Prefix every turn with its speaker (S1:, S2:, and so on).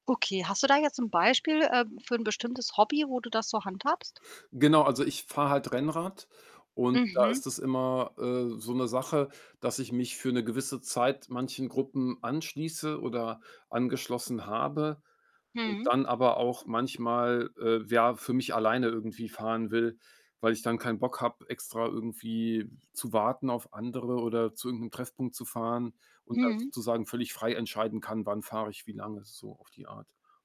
S1: Okay, hast du da 'n jetzt Beispiel, äh, für 'n bestimmtes Hobby, wo du das so handhabst?
S2: Genau, also, ich fahre halt Rennrad und da
S1: Mhm.
S2: ist es immer, äh, so 'ne Sache, dass ich mich für 'ne gewisse Zeit manchen Gruppen anschließe oder angeschlossen habe und
S1: Mhm.
S2: dann aber auch manchmal, äh, ja, für mich alleine irgendwie fahren will, weil ich dann keinen Bock habe, extra irgendwie zu warten auf andere oder zu irgend 'nem Treffpunkt zu fahren und da
S1: Mhm.
S2: sozusagen völlig frei entscheiden kann, wann fahre ich wie lange so auf die Art.